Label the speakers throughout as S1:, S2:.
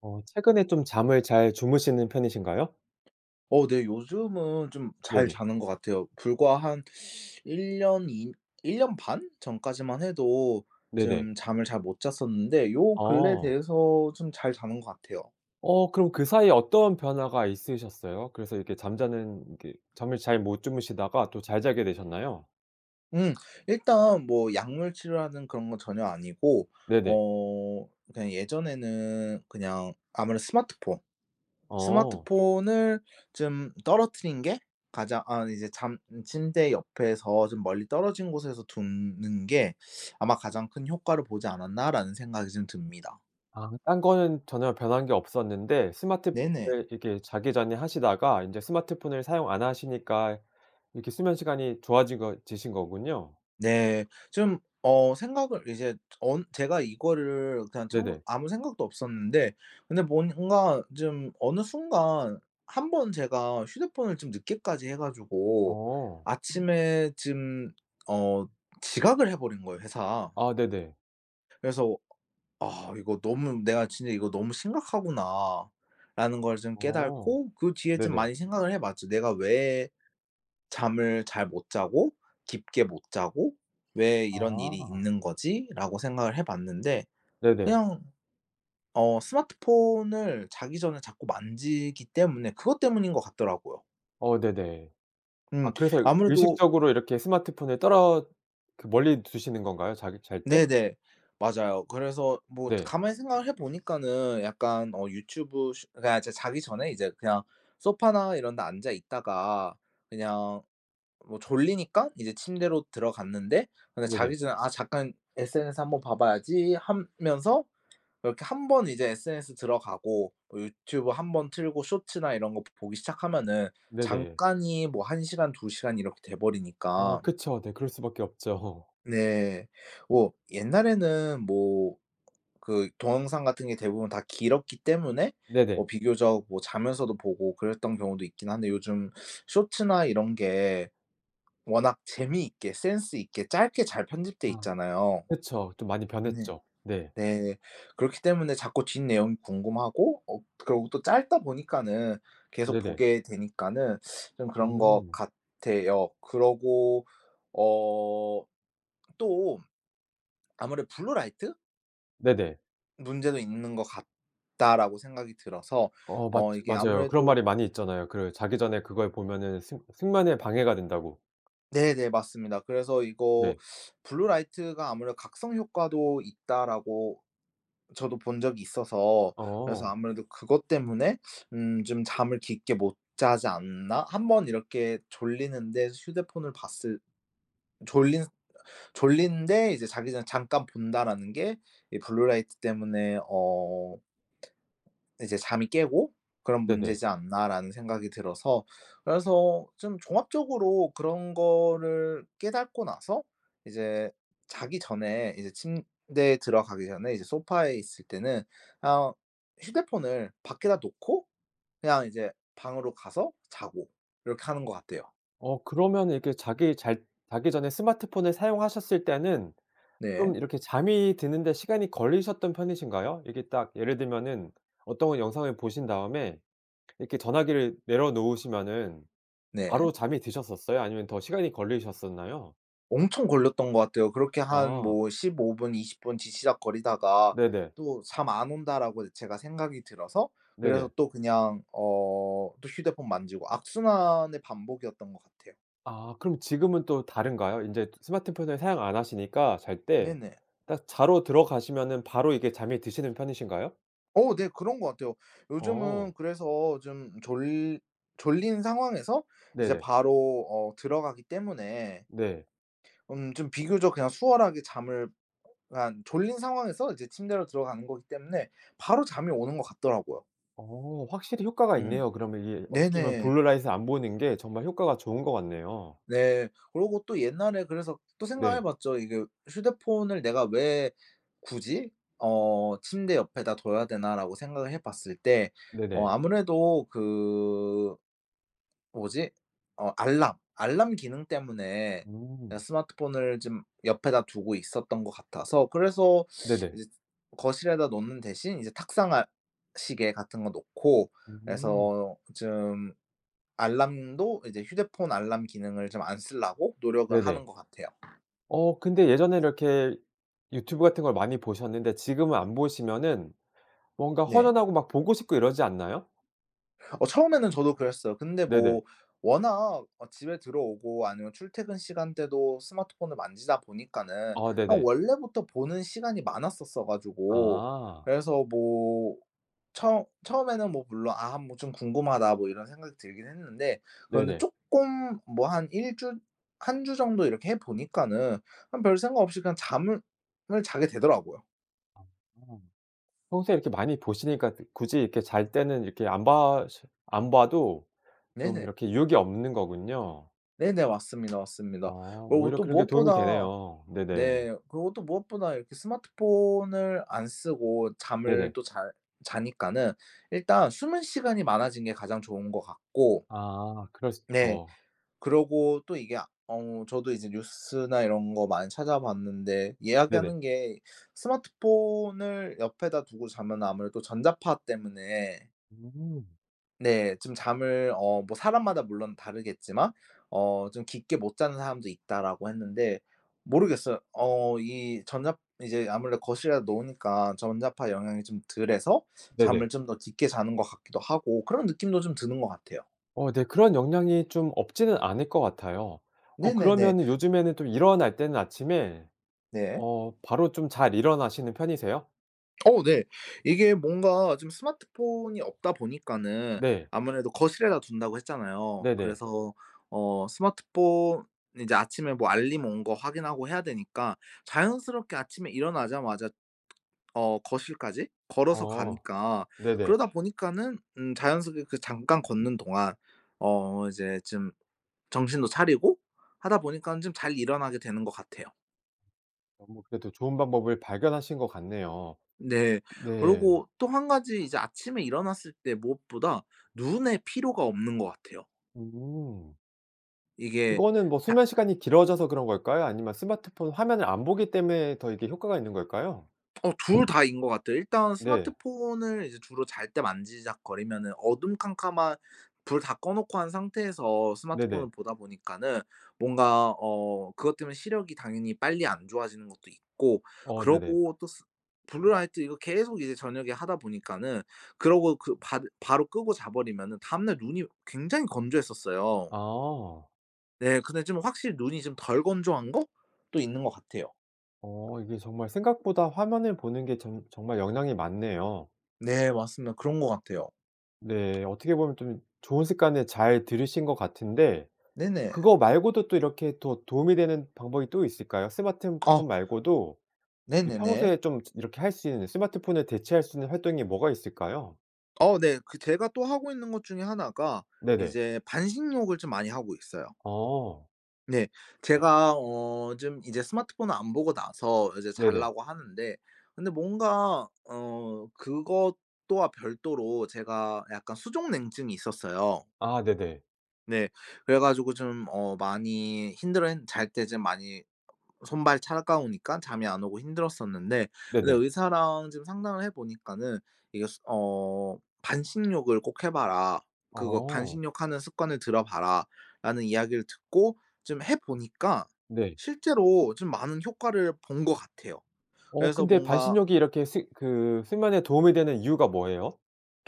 S1: 어. 최근에 좀 잠을 잘 주무시는 편이신가요?
S2: 어 네 요즘은 좀 잘
S1: 네네.
S2: 자는 거 같아요. 불과 한 1 년 2 1 년 반 전까지만 해도
S1: 네네.
S2: 좀 잠을 잘 못 잤었는데 요 근래
S1: 어.
S2: 돼서 좀 잘 자는 거 같아요.
S1: 어. 그럼 그 사이에 어떤 변화가 있으셨어요? 그래서 이렇게 잠자는 그 잠을 잘 못 주무시다가 또 잘 자게 되셨나요?
S2: 음. 일단 뭐 약물 치료하는 그런 건 전혀 아니고
S1: 네네.
S2: 어 그냥 예전에는 그냥 아무래도 스마트폰
S1: 어.
S2: 스마트폰을 쫌 떨어뜨린 게 가장 아 이제 잠 침대 옆에서 좀 멀리 떨어진 곳에서 둔 는 게 '아마 가장 큰 효과를 보지 않았나?'라는 생각이 좀 듭니다.
S1: 아 딴 거는 전혀 변한 게 없었는데
S2: 네네.
S1: 스마트폰을 이렇게 자기 전에 하시다가 인제 스마트폰을 사용 안 하시니까 이렇게 수면 시간이 좋아지거 지신 거군요.
S2: 네. 좀 어 생각을 이제 언 제가 이거를 그냥 청
S1: 네네.
S2: 아무 생각도 없었는데 근데 뭔 뭔가 좀 어느 순간 1 번 제가 휴대폰을 좀 늦게까지 해 가지고
S1: 어.
S2: 아침에 짐 어 지각을 해버린 거예요 회사.
S1: 아 네네.
S2: 그래서 아 이거 너무 내가 진짜 '이거 너무 심각하구나.'라는 걸 좀
S1: 어.
S2: 깨닫고 그 뒤에 좀
S1: 네네.
S2: 많이 생각을 해 봤지. '내가 왜 잠을 잘 못 자고 깊게 못 자고 왜 이런 일이
S1: 아.
S2: 있는 거지?'라고 생각을 해 봤는데
S1: 네네.
S2: 그냥 어 스마트폰을 자기 전에 자꾸 만지기 때문에 그것 때문인거 같더라고요.
S1: 어 네네.
S2: 음.
S1: 아 그래서
S2: 아무래도
S1: 의식적으로 이렇게 스마트폰을 떨어 그 멀리 두시는 건가요? 자기 잘 때?
S2: 네네. 맞아요. 그래서 뭐
S1: 네.
S2: 가만히 생각을 해 보니까는 약간 어 유튜브 스 그러니까 이제 자기 전에 이제 그냥 소파나 이런 데 앉아 있다가 그냥 뭐 졸리니깐 이제 침대로 들어갔는데 근데
S1: 네네.
S2: 자기 전에 '아 잠깐 SNS 한번 봐봐야지.' 하면서 이렇게 1 번 이제 SNS 들어가고 뭐 유튜브 1 번 틀고 숏츠나 이런 거 보기 시작하면은
S1: 네네.
S2: 잠깐이 뭐 1 시간 2 시간 이렇게
S1: 어.
S2: 돼버리니까.
S1: 그쵸. 네 그럴 수 밖에 없죠.
S2: 네. 오. 옛날에는 뭐 그 동영상 같은 게 대부분 다 길었기 때문에 뭐
S1: 네네.
S2: 비교적 뭐 자면서도 보고 그랬던 경우도 있긴 한데 요즘 숏츠나 이런 게 워낙 재미있게 센스 있게 짧게 잘 편집돼
S1: 아.
S2: 있잖아요.
S1: 그쵸. 좀 많이
S2: 네.
S1: 변했죠. 네.
S2: 네. 그렇기 때문에 자꾸 뒷내용이 궁금하고 어 그러고 또 짧다 보니까는 계속
S1: 네네.
S2: 보게 되니까는 좀 그런 거
S1: 음.
S2: 같아요. 그러고 어 또 아무래도 블루라이트?
S1: 네네.
S2: '문제도 있는 거 같다.'라고 생각이 들어서
S1: 어
S2: 어
S1: 맞지
S2: 이게
S1: 맞아요. 그런
S2: 아무래도
S1: 말이 많이 있잖아요. 그 자기 전에 그걸 보면은 숙 숙면에 방해가 된다고.
S2: 네네. 맞습니다. 그래서 이거'
S1: 네.
S2: 블루 라이트가 아무래도 각성 효과도 있다.'라고 저도 본 적이 있어서 그래서
S1: 어.
S2: 아무래도 그것 때문에 음 '좀 잠을 깊게 못 자지 않나?' 한번 이렇게 졸리는데 휴대폰을 봤을 졸린 졸린데 이제 자기 전 잠깐 본다라는 게 이 블루라이트 때문에 어 이제 '잠이 깨고 그런
S1: 네네.
S2: 문제지 않나?'라는 생각이 들어서 그래서 좀 종합적으로 그런 거를 깨닫고 나서 이제 자기 전에 이제 침대에 들어가기 전에 이제 소파에 있을 때는 아 휴대폰을 밖에다 놓고 그냥 이제 방으로 가서 자고 이렇게 하는 거 같아요.
S1: 어 그러면은 이렇게 자기 잘 자기 전에 스마트폰을 사용하셨을 때는
S2: 네.
S1: 좀 이렇게 잠이 드는 데 시간이 걸리셨던 편이신가요? 이렇게 딱 예를 들면은 어떤 영상을 보신 다음에 이렇게 전화기를 내려 놓으시면은
S2: 네.
S1: 바로 잠이 드셨었어요? 아니면 더 시간이 걸리셨었나요?
S2: 엄청 걸렸던 것 같아요. 그렇게 한
S1: 아.
S2: 뭐 15 분 20 분 뒤적거리다가
S1: 네네.
S2: '또 잠 안 온다.'라고 제가 생각이 들어서 그래서
S1: 네네.
S2: 또 그냥 어 또 휴대폰 만지고 악순환의 반복이었던 것 같아요.
S1: 아 그럼 지금은 또 다른가요? 인제 또 스마트폰을 사용 안 하시니까 잘 때
S2: 네네.
S1: 딱 자러 들어가시면은 바로 이게 잠이 드시는 편이신가요?
S2: 어 네 그런 것 같아요.
S1: 어.
S2: 요즘은 그래서 좀 졸 졸린 상황에서 이제
S1: 네네.
S2: 바로 어 들어가기 때문에
S1: 네.
S2: 음 좀 비교적 그냥 수월하게 잠을 그러니까 졸린 상황에서 이제 침대로 들어가는 거기 때문에 바로 잠이 오는 것 같더라고요.
S1: 어 확실히 효과가
S2: 음
S1: 있네요. 그러면 이게 어떻게 보면
S2: 네네.
S1: Blue Light을 안 보는 게 정말 효과가 좋은 것 같네요.
S2: 네. 그러고 또 옛날에 그래서 또 생각해
S1: 네.
S2: 봤죠. 이게 '휴대폰을 내가 왜 굳이 어 침대 옆에다 둬야 되나.'라고 생각을 해 봤을 때 어
S1: 네네.
S2: 아무래도 그 뭐지? 어 알람, 알람 기능 때문에 그냥
S1: 음.
S2: 스마트폰을 좀 옆에다 두고 있었던 것 같아서 그래서
S1: 네네.
S2: 이제 거실에다 놓는 대신 이제 탁상 알 시계 같은 거 놓고
S1: 음.
S2: 그래서 좀 알람도 이제 휴대폰 알람 기능을 좀 안 쓰려고 노력을
S1: 네네.
S2: 하는 것 같아요.
S1: 어 근데 예전에 이렇게 유튜브 같은 걸 많이 보셨는데 지금은 안 보시면은 뭔가
S2: 네.
S1: 허전하고 막 보고 싶고 이러지 않나요?
S2: 어 처음에는 저도 그랬어요. 근데
S1: 네네.
S2: 뭐 워낙 어 집에 들어오고 아니면 출퇴근 시간 때도 스마트폰을 만지다 보니까는
S1: 어
S2: 그냥
S1: 네네.
S2: 원래부터 보는 시간이 많았었어 가지고
S1: 아.
S2: 그래서 뭐 처 처음에는 뭐 물론 '아 뭐 좀 궁금하다.' 뭐 이런 생각이 들긴 했는데 그런데
S1: 네네.
S2: 쪼끔 뭐 한 1 주 1 주 정도 이렇게 해 보니까는 그냥 별생각 없이 그냥 잠을 자게 되더라고요.
S1: 아. 평소에 이렇게 많이 보시니까 드 굳이 이렇게 잘 때는 이렇게 안 봐셔 안 봐도 좀
S2: 네네.
S1: 이렇게 유혹이 없는 거군요.
S2: 네네. 맞습니다,
S1: 아
S2: 맞습니다. 그러고
S1: 오히려
S2: 또
S1: 그런 게 도움이
S2: 무엇보다
S1: 되네요.
S2: 네
S1: 네네.
S2: 그러고 또 무엇보다 이렇게 스마트폰을 안 쓰고 잠을
S1: 네네.
S2: 또 잘 자니까는 일단 수면 시간이 많아진 게 가장 좋은 것 같고
S1: 아 그랬을
S2: 네.
S1: 거
S2: 그러고 또 이게 아 어 저도 이제 뉴스나 이런 거 많이 찾아봤는데
S1: 네네.
S2: 이야기하는 게 스마트폰을 옆에다 두고 자면은 아무래도 전자파 때문에
S1: 음.
S2: 네. 좀 잠을 어 뭐 사람마다 물론 다르겠지만 어 좀 "깊게 못 자는 사람도 있다."라고 했는데 모르겠어요. 어 이 전자 이제 아무래도 거실에다 놓으니까 전자파 영향이 좀 덜 해서
S1: 네네.
S2: 잠을 좀 더 깊게 자는 것 같기도 하고 그런 느낌도 좀 드는 것 같아요.
S1: 어 네. 그런 영향이 좀 없지는 않을 것 같아요. 어
S2: 네네네.
S1: 그러면은 요즘에는 또 일어날 때는 아침에
S2: 네.
S1: 어 바로 좀 잘 일어나시는 편이세요?
S2: 어 네. 이게 뭔가 좀 스마트폰이 없다 보니까는
S1: 네.
S2: 아무래도 거실에다 둔다고 했잖아요.
S1: 네네.
S2: 그래서 어 스마트폰 이제 아침에 뭐 알림 온 거 확인하고 해야 되니까 자연스럽게 아침에 일어나자마자 어 거실까지 걸어서
S1: 어
S2: 가니까
S1: 네네.
S2: 그러다 보니까는 음 자연스럽게 그 잠깐 걷는 동안 어 이제 좀 정신도 차리고 하다 보니깐 좀 잘 일어나게 되는 것 같아요.
S1: 어 그래도 좋은 방법을 발견하신 것 같네요.
S2: 네.
S1: 네.
S2: 그러고 또 1 가지 이제 아침에 일어났을 때 무엇보다 눈에 피로가 없는 것 같아요.
S1: 음.
S2: 이게.
S1: 그거는 뭐
S2: 닥
S1: 수면 시간이 길어져서 그런 걸까요? 아니면 스마트폰 화면을 안 보기 때문에 더 이게 효과가 있는 걸까요?
S2: 어 둘 다인 거 같아요. 일단
S1: 네.
S2: 스마트폰을 이제 주로 잘 때 만지작거리면은 어둠 캄캄한 불 다 꺼 놓고 한 상태에서
S1: 네네.
S2: 스마트폰을 보다 보니까는 뭔가 어 그것 때문에 시력이 당연히 빨리 안 좋아지는 것도 있고
S1: 어 네네.
S2: 그리고 또 수 블루라이트 이거 계속 이제 저녁에 하다 보니까는 그러고 그 바 바로 끄고 자 버리면은 다음날 눈이 굉장히 건조했었어요.
S1: 아.
S2: 네. 근데 좀 확실히 눈이 좀 덜 건조한 것도 있는 거 같아요.
S1: 어. 이게 정말 생각보다 화면을 보는 게 정 정말 영향이 많네요.
S2: 네. 맞습니다. 그런 거 같아요.
S1: 네. 어떻게 보면 좀 좋은 습관을 잘 들이신 것 같은데
S2: 네네.
S1: 그거 말고도 또 이렇게 더 도움이 되는 방법이 또 있을까요? 스마트폰
S2: 어.
S1: 말고도 그
S2: 네네네.
S1: 평소에 좀 이 이렇게 할 수 있는 스마트폰을 대체할 수 있는 활동이 뭐가 있을까요?
S2: 어 네. 그 제가 또 하고 있는 것 중에 하나가
S1: 네네.
S2: 이제 반신욕을 좀 많이 하고 있어요.
S1: 어.
S2: 네. 제가 어 좀 이제 스마트폰을 안 보고 나서 이제
S1: 네네.
S2: 잘라고 하는데 근데 뭔가 어 그것도 와 별도로 제가 약간 수족냉증이 있었어요.
S1: 아 네네.
S2: 네. 그래가지고 좀 어 많이 힘들어했 잘 때 좀 많이 손발 차가우니깐 잠이 안 오고 힘들었었는데 근데
S1: 네네.
S2: 의사랑 좀 상담을 해보니까는 이것으 어 "반신욕을 꼭 해봐라." 그거
S1: 어.
S2: "반신욕 하는 습관을 들여 봐라 "라는 이야기를 듣고 좀 해 보니까
S1: 네.
S2: 실제로 좀 많은 효과를 본 것 같아요.
S1: 어
S2: 그래서
S1: 근데
S2: 뭔가
S1: 반신욕이 이렇게 스 그 수면에 도움이 되는 이유가 뭐예요?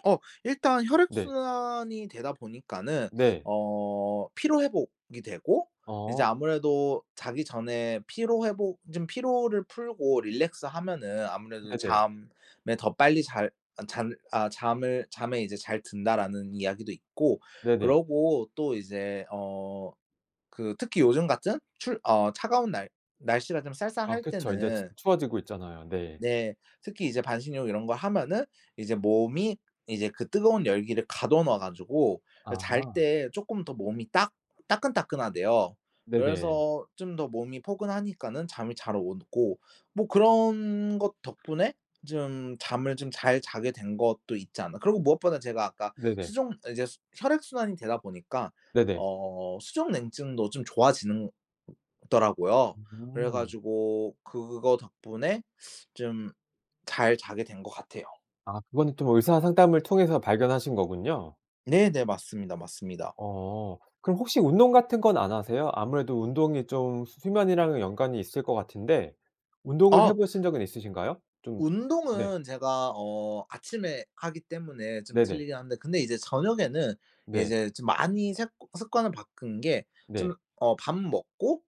S2: 어 일단
S1: 네.
S2: 혈액순환이 되다 보니까는
S1: 네.
S2: 어 피로 회복이 되고
S1: 어.
S2: 이제 아무래도 자기 전에 피로 회복 좀 피로를 풀고 relax 하면은 아무래도
S1: 네네.
S2: 잠에 더 빨리 잘 아 잘 아 잠을 '잠에 이제 잘 든다.'라는 이야기도 있고
S1: 네네.
S2: 그러고 또 이제 어 그 특히 요즘 같은 출 어 차가운 날 날씨가 좀
S1: 아
S2: 쌀쌀할
S1: 그쵸. 인제 추
S2: 때는
S1: 추워지고 있잖아요. 네.
S2: 네. 특히 이제 반신욕 이런 거 하면은 이제 몸이 이제 그 뜨거운 열기를 가둬 놔 가지고 잘
S1: 아.
S2: 때 조금 더 몸이 따 따끈따끈하대요.
S1: 네네.
S2: 그래서 좀 더 몸이 포근하니까는 잠이 잘 오고 뭐 그런 것 덕분에 좀 잠을 좀 잘 자게 된 것도 있지 않나. 그리고 무엇보다 제가 아까
S1: 네네.
S2: 수족 이제 혈액 순환이 되다 보니까
S1: 네네.
S2: 어 수족냉증도 좀 좋아지는 더라고요.
S1: 음.
S2: 그래가지고 그거 덕분에 좀 잘 자게 된 것 같아요.
S1: 아 그거는 좀 의사 상담을 통해서 발견하신 거군요.
S2: 네네. 맞습니다. 맞습니다.
S1: 어. 그럼 혹시 운동 같은 건 안 하세요? 아무래도 운동이 좀 수 수면이랑은 연관이 있을 것 같은데 운동을 해
S2: 아.
S1: 보신 적은 있으신가요? 좀 네.
S2: 운동은 제가 어 아침에 하기 때문에 좀
S1: 네네.
S2: 틀리긴 한데. 근데 이제 저녁에는
S1: 네.
S2: 이제 좀 많이 색 습관을 바꾼 게 좀
S1: 네.
S2: 어 밥 먹고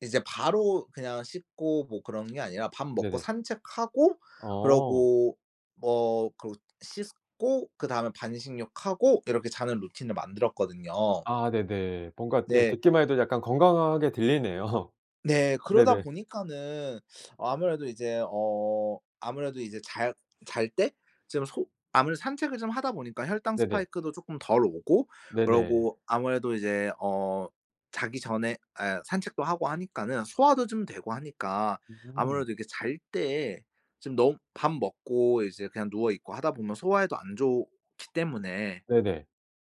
S2: 이제 바로 그냥 씻고 뭐 그런 게 아니라 밥 먹고
S1: 네네.
S2: 산책하고
S1: 어.
S2: 그러고 뭐 그러고 씻고 그다음에 반신욕하고 이렇게 자는 루틴을 만들었거든요.
S1: 아 네네. 뭔가 그냥
S2: 네.
S1: 듣기만 해도 약간 건강하게 들리네요.
S2: 네. 그러다
S1: 네네.
S2: 보니까는 아무래도 이제 어 아무래도 이제 잘 잘 때 좀 소 아무래도 산책을 좀 하다 보니까 혈당
S1: 네네.
S2: spike도 쪼끔 덜 오고
S1: 네네.
S2: 그러고 아무래도 이제 어 자기 전에 에 산책도 하고 하니까는 소화도 좀 되고 하니까
S1: 음.
S2: 아무래도 이렇게 잘 때 좀 너무 밥 먹고 이제 그냥 누워있고 하다 보면 소화에도 안 좋기 때문에
S1: 네네.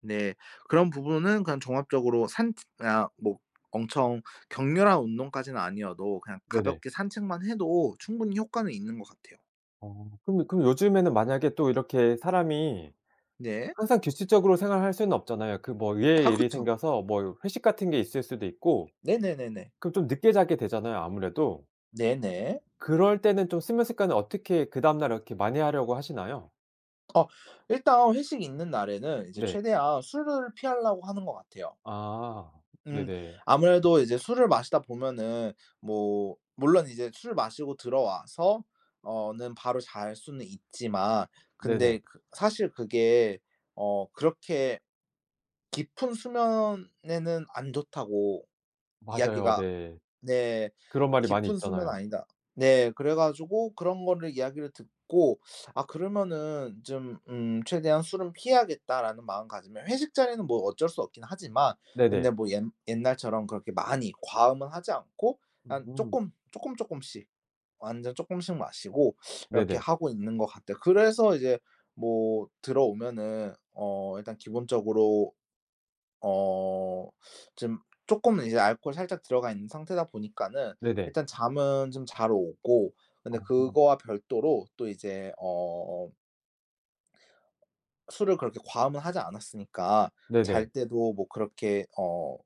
S2: 네 그런 부분은 그냥 종합적으로 산책 그냥 뭐 엄청 격렬한 운동까지는 아니어도 그냥
S1: 네네.
S2: 가볍게 산책만 해도 충분히 효과는 있는 것 같아요.
S1: 어 근데 근 요즘에는 만약에 또 이렇게 사람이
S2: 네.
S1: 항상 규칙적으로 생활할 수는 없잖아요. 그 뭐
S2: 아
S1: 의외의 일이
S2: 그쵸.
S1: 생겨서 뭐 회식 같은 게 있을 수도 있고.
S2: 네네네네.
S1: 그럼 좀 늦게 자게 되잖아요 아무래도.
S2: 네 네.
S1: 그럴 때는 좀 수면 습관을 어떻게 그 다음날 이렇게 많이 하려고 하시나요?
S2: 어 일단 회식이 있는 날에는 이제
S1: 네.
S2: 최대한 술을 피하려고 하는 것 같아요.
S1: 아,
S2: 음.
S1: 네네.
S2: 아무래도 이제 술을 마시다 보면은 뭐 물론 이제 술을 마시고 들어와서 어 는 바로 잘 수는 있지만 근데
S1: 네네.
S2: 그 사실 그게 어 그렇게 깊은 수면에는 안 좋다고
S1: 맞아요.
S2: 이야기가
S1: 네.
S2: 네
S1: 그런 말이 많이
S2: 깊은 수면
S1: 있잖아요.
S2: 아니다. 네 그래가지고 그런 거를 이야기를 듣고 아 그러면은 좀 음 '최대한 술은 피해야겠다.'라는 마음가짐을 회식 자리는 뭐 어쩔 수 없긴 하지만
S1: 네네.
S2: 근데 뭐 옛 옛날처럼 그렇게 많이 과음은 하지 않고 그냥
S1: 음.
S2: 쪼끔 쪼끔 쪼끔씩 완전 쪼끔씩 마시고 이렇게
S1: 네네.
S2: 하고 있는 것 같아요. 그래서 이제 뭐 들어오면은 어 일단 기본적으로 어 좀 쪼끔은 이제 알코올이 살짝 들어가 있는 상태다 보니까는
S1: 네네.
S2: 일단 잠은 좀 잘 오고 근데
S1: 어.
S2: 그거와 별도로 또 이제 어 술을 그렇게 과음은 하지 않았으니까
S1: 네네.
S2: 잘 때도 뭐 그렇게 어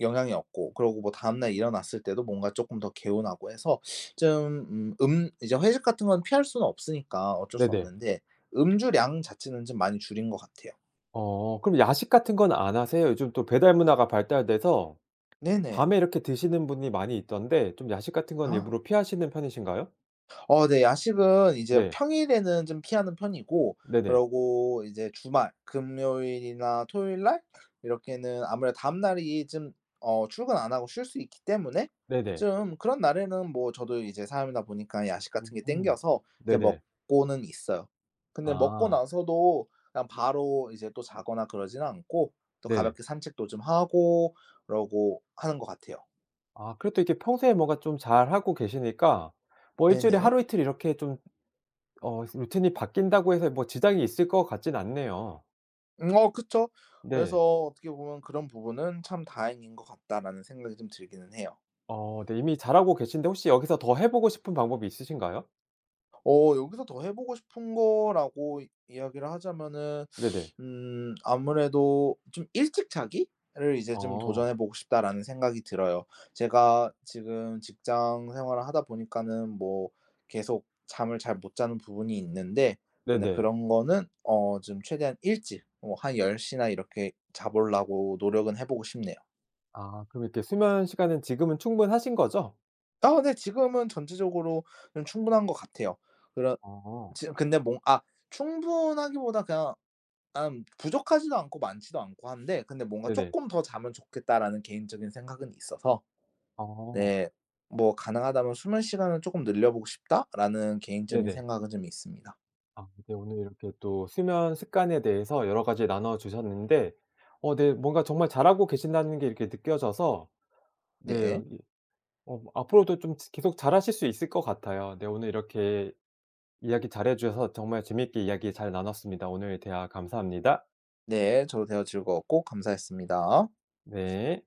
S2: 영향이 없고 그러고 뭐 다음날 일어났을 때도 뭔가 쪼끔 더 개운하고 해서 좀 음 음 이제 회식 같은 건 피할 수는 없으니까 어쩔 수
S1: 네네.
S2: 없는데 음주량 자체는 좀 많이 줄인 것 같아요.
S1: 어 그럼 야식 같은 건 안 하세요? 요즘 또 배달 문화가 발달돼서
S2: 네네.
S1: 밤에 이렇게 드시는 분이 많이 있던데 좀 야식 같은 건 일부러 피하시는 편이신가요?
S2: 어 네. 야식은 이제
S1: 네.
S2: 평일에는 좀 피하는 편이고
S1: 네네.
S2: 그러고 이제 주말, 금요일이나 토요일 날 이렇게는 아무래도 다음날이 좀 어 출근 안 하고 쉴 수 있기 때문에
S1: 네네.
S2: 좀 그런 날에는 뭐 저도 이제 사람이다 보니까 야식 같은 게
S1: 음
S2: 당겨서 이제
S1: 네네.
S2: 먹고는 있어요. 근데 먹고
S1: 아.
S2: 나서도 그냥 바로 이제 또 자거나 그러진 않고 또
S1: 네.
S2: 가볍게 산책도 좀 하고 그러고 하는 것 같아요.
S1: 아 그래도 이렇게 평소에 뭐가 좀 잘하고 계시니까 뭐 1 주일에
S2: 네네.
S1: 하루, 이틀 이렇게 좀 어 루틴이 바뀐다고 해서 뭐 지장이 있을 것 같진 않네요.
S2: 음 어 그쵸. 그래서
S1: 네.
S2: 어떻게 보면 그런 부분은 '참 다행인 것 같다.'라는 생각이 좀 들기는 해요.
S1: 어 네. 이미 잘하고 계신데 혹시 여기서 더 해 보고 싶은 방법이 있으신가요?
S2: 어 여기서 더 해보고 싶은 거라고 이 이야기를 하자면은
S1: 네네.
S2: 음 아무래도 좀 '일찍 자기를 이제 좀
S1: 어.
S2: 도전해 보고 싶다.'라는 생각이 들어요. 제가 지금 직장 생활을 하다 보니까는 뭐 계속 잠을 잘 못 자는 부분이 있는데 근데
S1: 네네.
S2: 그런 거는 어 좀 최대한 일찍 어 한 10 시나 이렇게 자 보려고 노력은 해 보고 싶네요.
S1: 아 그럼 이렇게 수면 시간은 지금은 충분하신 거죠?
S2: 아 네. 지금은 전체적으로는 충분한 것 같아요. 그런
S1: 어.
S2: 지금 근데 뭐 아 충분하기보다 그냥 난 부족하지도 않고 많지도 않고 한데 근데 뭔가
S1: 네네.
S2: '쪼끔 더 자면 좋겠다.'라는 개인적인 생각은 있어서.
S1: 어.
S2: 네 뭐 '가능하다면 수면 시간을 조금 늘려보고 싶다.'라는 개인적인
S1: 네네.
S2: 생각은 좀 있습니다.
S1: 아 네. 오늘 이렇게 또 수면 습관에 대해서 여러 가지 나눠 주셨는데 어 네 뭔가 정말 잘 하고 계신다는 게 이렇게 느껴져서 네
S2: 네.
S1: 이 어 앞으로도 좀 지 계속 잘하실 수 있을 것 같아요. 네. 오늘 이렇게 이야기 잘 해 주셔서 정말 재미있게 이야기 잘 나눴습니다. 오늘 대화 감사합니다.
S2: 네. 저도 대화 즐거웠고 감사했습니다.
S1: 네.